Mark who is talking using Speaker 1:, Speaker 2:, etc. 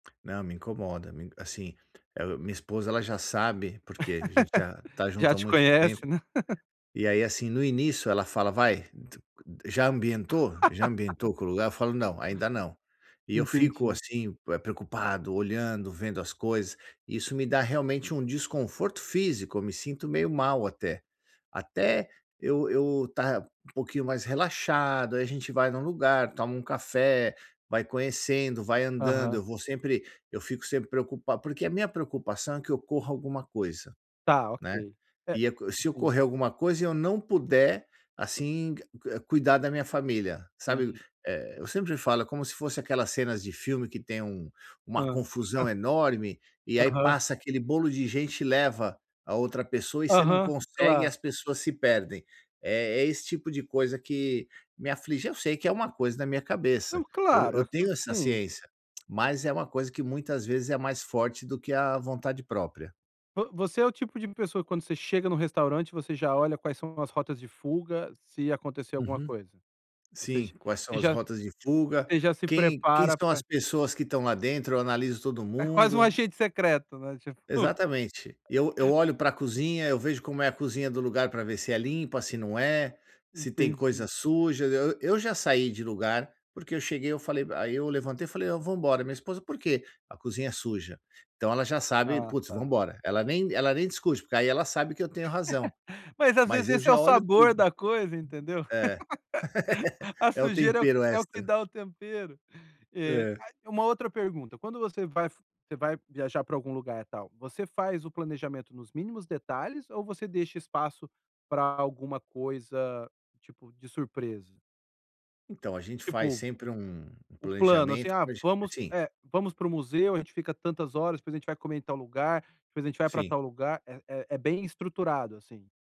Speaker 1: Não me incomoda me assim, minha esposa ela já sabe porque a gente já está junto
Speaker 2: Já
Speaker 1: há
Speaker 2: te
Speaker 1: muito
Speaker 2: conhece,
Speaker 1: tempo.
Speaker 2: né.
Speaker 1: E aí assim no início ela fala vai, já ambientou? Já ambientou com o lugar? Eu falo não, ainda não. E eu fico
Speaker 2: Entendi.
Speaker 1: assim preocupado, olhando, vendo as coisas, isso me dá realmente um desconforto físico, eu me sinto meio mal até. Até eu eu estar um pouquinho mais relaxado, aí a gente vai em um lugar, toma um café, vai conhecendo, vai andando,
Speaker 2: Aham.
Speaker 1: eu vou sempre eu fico sempre preocupado porque a minha preocupação é que ocorra alguma coisa,
Speaker 2: Está
Speaker 1: né.
Speaker 2: ok. É,
Speaker 1: E se
Speaker 2: entendi.
Speaker 1: ocorrer alguma coisa e eu não puder, assim, eh, cuidar da minha família, sabe?
Speaker 2: Entendi.
Speaker 1: Eu sempre falo, é como se fosse aquelas cenas de filme que tem um uma
Speaker 2: Aham.
Speaker 1: confusão enorme, e aí
Speaker 2: Aham.
Speaker 1: passa aquele bolo de gente e leva a outra pessoa e você não
Speaker 2: Aham,
Speaker 1: consegue e
Speaker 2: claro.
Speaker 1: as pessoas se perdem. É esse tipo de coisa que me aflige, eu sei que é uma coisa na minha
Speaker 2: Não
Speaker 1: cabeça, eu
Speaker 2: claro,
Speaker 1: eu tenho essa
Speaker 2: assim.
Speaker 1: ciência, mas é uma coisa que muitas vezes é mais forte do que a vontade própria.
Speaker 2: Vo você é o tipo de pessoa que quando você chega no restaurante você já olha quais são as rotas de fuga, se acontecer alguma
Speaker 1: Uhum,
Speaker 2: coisa? Ou
Speaker 1: sim,
Speaker 2: seja,
Speaker 1: quais são
Speaker 2: você
Speaker 1: as
Speaker 2: já
Speaker 1: rotas de fuga,
Speaker 2: você já se
Speaker 1: quem quem
Speaker 2: prepara
Speaker 1: são as
Speaker 2: para
Speaker 1: pessoas que estão lá dentro, eu analiso todo
Speaker 2: É quase um
Speaker 1: mundo.
Speaker 2: agente secreto, né, tipo
Speaker 1: Exatamente. Eu eu olho para cozinha, eu vejo como é a cozinha do lugar para ver se é limpa, se não é, se tem coisa
Speaker 2: Entendi.
Speaker 1: suja, eu eu já saí de lugar, porque eu cheguei eu falei aí eu levantei e falei: "Não vamos embora", minha esposa: "Por quê"? "A cozinha é suja". Então ela já sabe,
Speaker 2: Ah
Speaker 1: vamos
Speaker 2: está.
Speaker 1: embora. Ela nem ela nem discute porque aí ela sabe que eu tenho razão.
Speaker 2: Mas às vezes
Speaker 1: Mas eu
Speaker 2: esse é o
Speaker 1: já olho
Speaker 2: sabor
Speaker 1: tudo.
Speaker 2: da coisa, entendeu?
Speaker 1: É,
Speaker 2: A
Speaker 1: é o
Speaker 2: sujeira é o que
Speaker 1: tempero
Speaker 2: é o que
Speaker 1: extra.
Speaker 2: dá o tempero. E
Speaker 1: É.
Speaker 2: ah, uma outra pergunta, quando você vai você vai viajar para algum lugar e tal, você faz o planejamento nos mínimos detalhes ou você deixa espaço para alguma coisa tipo de surpresa?
Speaker 1: Então a gente faz
Speaker 2: Tipo,
Speaker 1: sempre um
Speaker 2: o plano assim
Speaker 1: planejamento
Speaker 2: ah,
Speaker 1: [unintelligible]
Speaker 2: vamos,
Speaker 1: assim.
Speaker 2: eh, vamos para o museu, a gente fica tantas horas depois a gente vai comer em tal lugar, depois a gente vai para
Speaker 1: Sim.
Speaker 2: tal lugar, é é é bem estruturado assim.